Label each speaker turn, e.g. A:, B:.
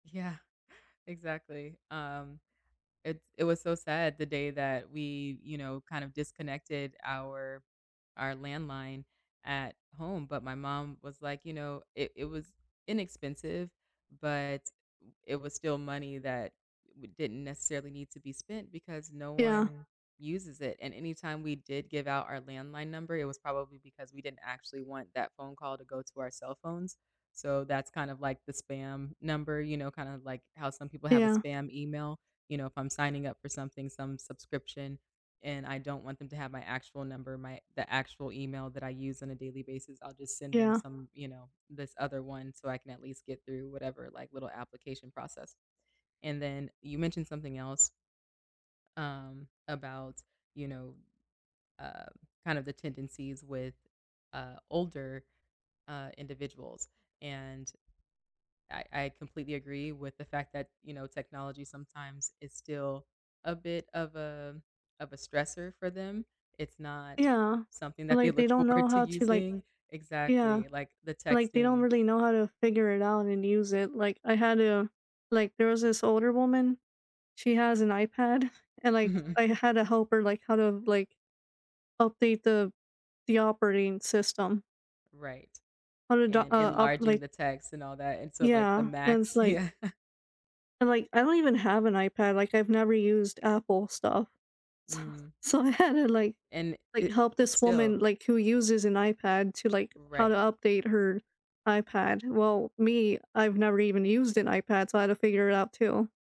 A: Yeah, exactly. Um, it it was so sad the day that we, you know, kind of disconnected our our landline at home, but my mom was, like, you know, it it was inexpensive, but oo it was still money that w didn't necessarily need to be spent because no
B: Yeah.
A: one uses it. And anytime we did give out our landline number, it was probably because we didn't actually want that phone call to go to our cell phones. So that's kind of, like, the spam number, you know, kind of, like, how some people have a
B: Yeah.
A: spam email, you know, if I'm signing up for something, some subscription, and I don't want them to have my actual number, my the actual email that I use on a daily basis, I'll just send them
B: Yeah.
A: some, you know, this other one so I can at least get through whatever, like, little application process. And then you mentioned something else Um, about, you know, uh, kind of the tendencies with, uh, older, uh, individuals, and I I completely agree with the fact that, you know, technology sometimes is still a bit of a of a stressor for them. It's not
B: Yeah.
A: something that they
B: Like, they
A: look
B: don't
A: forward
B: know
A: to
B: how to, like
A: using
B: yeah,
A: exactly, like, the
B: like, they don't
A: texting.
B: really know how to figure it out and use it. Like I had a like, there was this older woman, she has an iPad and, like,
A: Mhm.
B: I had to help her, like, how to, like, update the the operating system.
A: Right,
B: How to the uh,
A: and
B: up,
A: enlarging
B: like
A: the text and all that, and so, like, the
B: Yeah, and it's,
A: max,
B: like
A: yeah.
B: and, like, I don't even have an iPad, like I've never used Apple stuff. So
A: Mm.
B: so I had to, like
A: And
B: like,
A: it
B: help this
A: still
B: woman, like, who uses an iPad to, like how to
A: Right.
B: update her iPad. Well, me, I've never even used an iPad, so I had to figure it out too.